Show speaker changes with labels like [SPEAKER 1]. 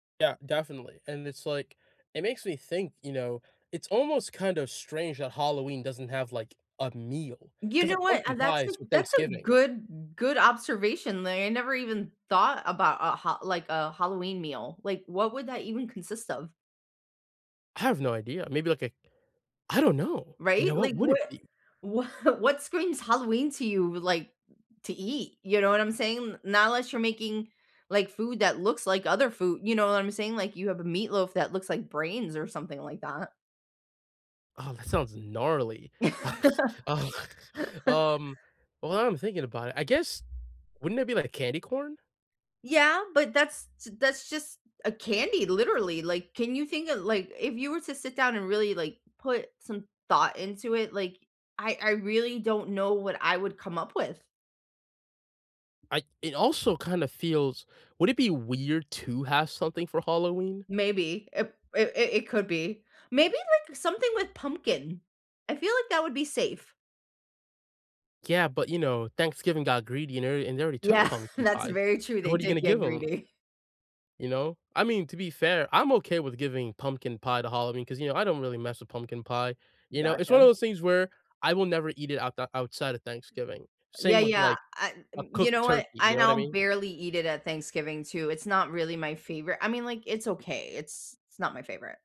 [SPEAKER 1] Yeah, definitely, and it's, like it makes me think, you know it's almost kind of strange that Halloween doesn't have, like, a meal,
[SPEAKER 2] You
[SPEAKER 1] 'cause, uh,
[SPEAKER 2] know what? A
[SPEAKER 1] pumpkin
[SPEAKER 2] that's a
[SPEAKER 1] pie's for
[SPEAKER 2] that's a
[SPEAKER 1] Thanksgiving.
[SPEAKER 2] good, good observation. Like, I never even thought about a Ha like, a Halloween meal. Like, what would that even consist of?
[SPEAKER 1] I have no idea. Maybe, like, a I don't know. You know,
[SPEAKER 2] Right?
[SPEAKER 1] what
[SPEAKER 2] Like,
[SPEAKER 1] would
[SPEAKER 2] what
[SPEAKER 1] it be?
[SPEAKER 2] wha what's screams Halloween to you, like, to eat? You know what I'm saying? N not unless you're making, like, food that looks like other food, you know what I'm saying? Like, you have a meatloaf that looks like brains or something like that.
[SPEAKER 1] Oh, that sounds gnarly. Um, well now that I'm thinking about it, I guess, wouldn't it be like a candy corn?
[SPEAKER 2] Yeah. But, that's t that's just a candy, literally, like, can you think of like, if you were to sit down and really, like, put some thought into it, like, I I really don't know what I would come up with.
[SPEAKER 1] I It also kinda feels would it be weird to have something for Halloween?
[SPEAKER 2] Maybe. Ip it it it could be. Maybe, like, something with pumpkin. I feel like that would be safe.
[SPEAKER 1] Yeah, but, you know, Thanksgiving got greedy, and r and they already took
[SPEAKER 2] Yeah.
[SPEAKER 1] pumpkin
[SPEAKER 2] That's
[SPEAKER 1] pies.
[SPEAKER 2] very true.
[SPEAKER 1] So
[SPEAKER 2] They
[SPEAKER 1] what are you
[SPEAKER 2] did
[SPEAKER 1] gonna
[SPEAKER 2] get
[SPEAKER 1] give 'em?
[SPEAKER 2] greedy.
[SPEAKER 1] You know? I mean, to be fair, I'm okay with giving pumpkin pie to Halloween 'cause, you know, I don't really mess with pumpkin pie, you know? It's one
[SPEAKER 2] Gotcha.
[SPEAKER 1] of those things where I will never eat it out the outside of Thanksgiving.
[SPEAKER 2] Yeah.
[SPEAKER 1] Same with,
[SPEAKER 2] Yeah.
[SPEAKER 1] like,
[SPEAKER 2] Uh,
[SPEAKER 1] a
[SPEAKER 2] n you
[SPEAKER 1] cooked
[SPEAKER 2] know
[SPEAKER 1] turkey,
[SPEAKER 2] what? I,
[SPEAKER 1] you know what I
[SPEAKER 2] now,
[SPEAKER 1] mean?
[SPEAKER 2] barely eat it at Thanksgiving too, it's not really my favorite. I mean, like, it's okay, it's it's not my favorite.